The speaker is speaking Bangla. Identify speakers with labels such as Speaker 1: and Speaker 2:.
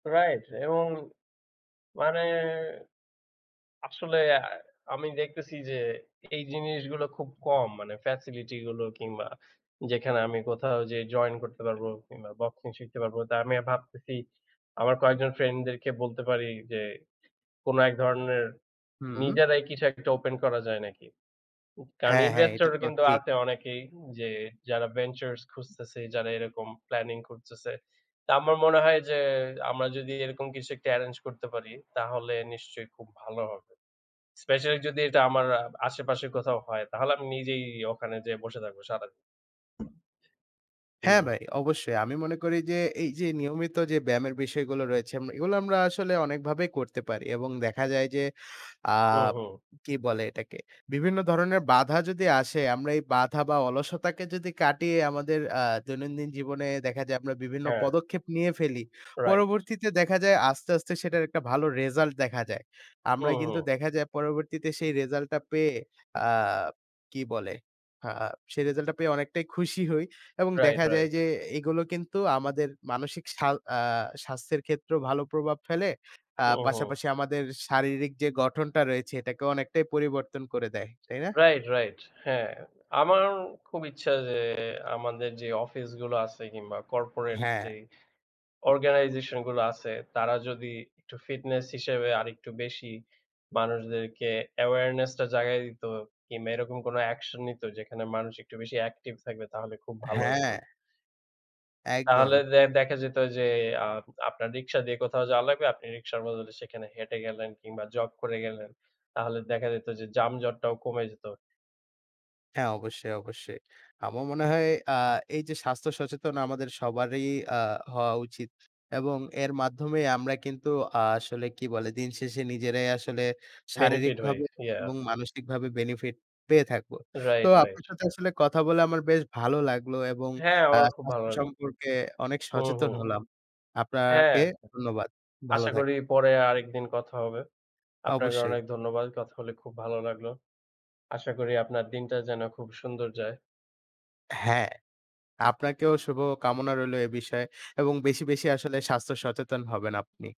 Speaker 1: রাইট। এবং মানে, আসলে অ্যা আমি দেখতেছি যে এই জিনিসগুলো খুব কম, মানে ফ্যাসিলিটি গুলো কিংবা যেখানে আমি কোথাও যে জয়েন করতে পারবো কিংবা বক্সিং শিখতে পারবো। তা আমি ভাবতেছি আমার কয়েকজন ফ্রেন্ড দেরকে বলতে পারি যে, "কোনো এক ধরনের
Speaker 2: হুম।
Speaker 1: নিজেরাই কিছু একটা ওপেন করা যায় নাকি?" কারণ
Speaker 2: হ্যাঁ, হ্যাঁ।
Speaker 1: ইনভেস্টর
Speaker 2: এটা
Speaker 1: ও
Speaker 2: তো
Speaker 1: কিন্তু
Speaker 2: ঠিক।
Speaker 1: আছে অনেকেই যে যারা ভেঞ্চারস খুঁজতেছে, যারা এরকম প্ল্যানিং খুঁজতেছে। তো আমার মনে হয় যে আমরা যদি এরকম কিছু একটা এরেঞ্জ করতে পারি, তাহলে নিশ্চয়ই খুব ভালো হবে। স্পেশালি যদি এটা আমার আ আশেপাশে কোথাও হয়, তাহলে আমি নিজেই ওখানে যে বসে থাকবো সারাদিন।
Speaker 2: হ্যাঁ,
Speaker 1: হুম।
Speaker 2: ভাই অবশ্যই। আমি মনে করি যে এই যে নিয়মিত যে ব্যায়ামের বিষয়গুলো রয়েছে, এম এগুলো আমরা আসলে অনেকভাবেই করতে পারি। এবং দেখা যায় যে আ
Speaker 1: হুম, হুম।
Speaker 2: কি বলে এটাকে? বিভিন্ন ধরনের বাধা যদি আসে, আমরা এই বাধা বা অলসতাকে যদি কাটিয়ে আমাদের অ্যা দৈনন্দিন জীবনে দেখা যায়, আমরা বিভিন্ন
Speaker 1: হ্যাঁ।
Speaker 2: পদক্ষেপ নিয়ে ফেলি।
Speaker 1: রাইট।
Speaker 2: পরবর্তীতে দেখা যায় আস্তে, আস্তে সেটার একটা ভালো রিসাল্ট দেখা যায়। আমরা
Speaker 1: হুম,
Speaker 2: কিন্তু
Speaker 1: হুম।
Speaker 2: দেখা যায় পরবর্তীতে সেই রিসাল্ট টা পেয়ে, আ কি বলে? হা সেই রেজাল্টটা পেয়ে অনেকটাই খুশি হই। এবং
Speaker 1: রাইট,
Speaker 2: দেখা যায়
Speaker 1: রাইট।
Speaker 2: যে এগুলো কিন্তু আমাদের মানসিক স্বাল আ স্বাস্থ্যের ক্ষেত্রেও ভালো প্রভাব ফেলে, আ
Speaker 1: হুম, হুম।
Speaker 2: পাশাপাশি আমাদের শারীরিক যে গঠনটা রয়েছে, এটাকে অনেকটাই পরিবর্তন করে দেয়। তাই না?
Speaker 1: রাইট, রাইট হ্যাঁ। আমারও খুব ইচ্ছা যে আমাদের যে অফিস গুলো আছে কিংবা কর্পোরেট যে
Speaker 2: হ্যাঁ।
Speaker 1: অর্গানাইজেশন গুলো আছে, তারা যদি একটু ফিটনেস হিসেবে আরেকটু বেশি মানুষদেরকে অ্যাওয়ারনেস টা জাগায় দিত কিংবা এরকম কোনো অ্যাকশন নিত, যেখানে মানুষ একটু বেশি অ্যাকটিভ থাকবে তাহলে খুব ভালো হত
Speaker 2: হ্যাঁ।
Speaker 1: তাহলে
Speaker 2: একদম।
Speaker 1: দে দেখা যেত যে, আ আপনার রিক্সা দিয়ে কোথাও যাওয়া লাগবে। আপনি রিকশার বদলে সেখানে হেঁটে গেলেন কিংবা জগ করে গেলেন। তাহলে দেখা যেত যে জাম-জট টাও কমে যেত।
Speaker 2: হ্যাঁ, অবশ্যই, অবশ্যই। আমার মনে হয় অ্যা এই যে স্বাস্থ্য সচেতন আমাদের সবারই আ হওয়া উচিত। এবং এর মাধ্যমেই আমরা কিন্তু আসলে কি বলে? দিনশেষে নিজেরাই আসলে
Speaker 1: বেনিফিট হই,
Speaker 2: শারীরিকভাবে
Speaker 1: ইআ।
Speaker 2: এবং মানসিকভাবে বেনিফিট পেয়ে থাকব। তো
Speaker 1: রাইট, রাইট।
Speaker 2: আপনার সাথে আসলে কথা বলে আমার বেশ ভালো লাগলো এবং
Speaker 1: হ্যাঁ,
Speaker 2: অ্যা
Speaker 1: আমারও খুব ভালো
Speaker 2: স্বাস্থ্য
Speaker 1: লাগলো।
Speaker 2: সম্পর্কে অনেক
Speaker 1: হুম,
Speaker 2: সচেতন
Speaker 1: হুম।
Speaker 2: হলাম।
Speaker 1: হ্যাঁ।
Speaker 2: আপনাকে ধন্যবাদ। ভালো
Speaker 1: আশা
Speaker 2: থাকবেন।
Speaker 1: করি পরে আরেকদিন কথা হবে। আপনাকে
Speaker 2: অবশ্যই।
Speaker 1: অনেক ধন্যবাদ। কথা হলে খুব ভালো লাগলো। আশা করি আপনার দিনটা যেন খুব সুন্দর যায়।
Speaker 2: হ্যাঁ, আপনাকেও শুভ কামনা রইলো এ বিষয়ে এবং বেশি, বেশি আসলে স্বাস্থ্য সচেতন হবেন আপনি।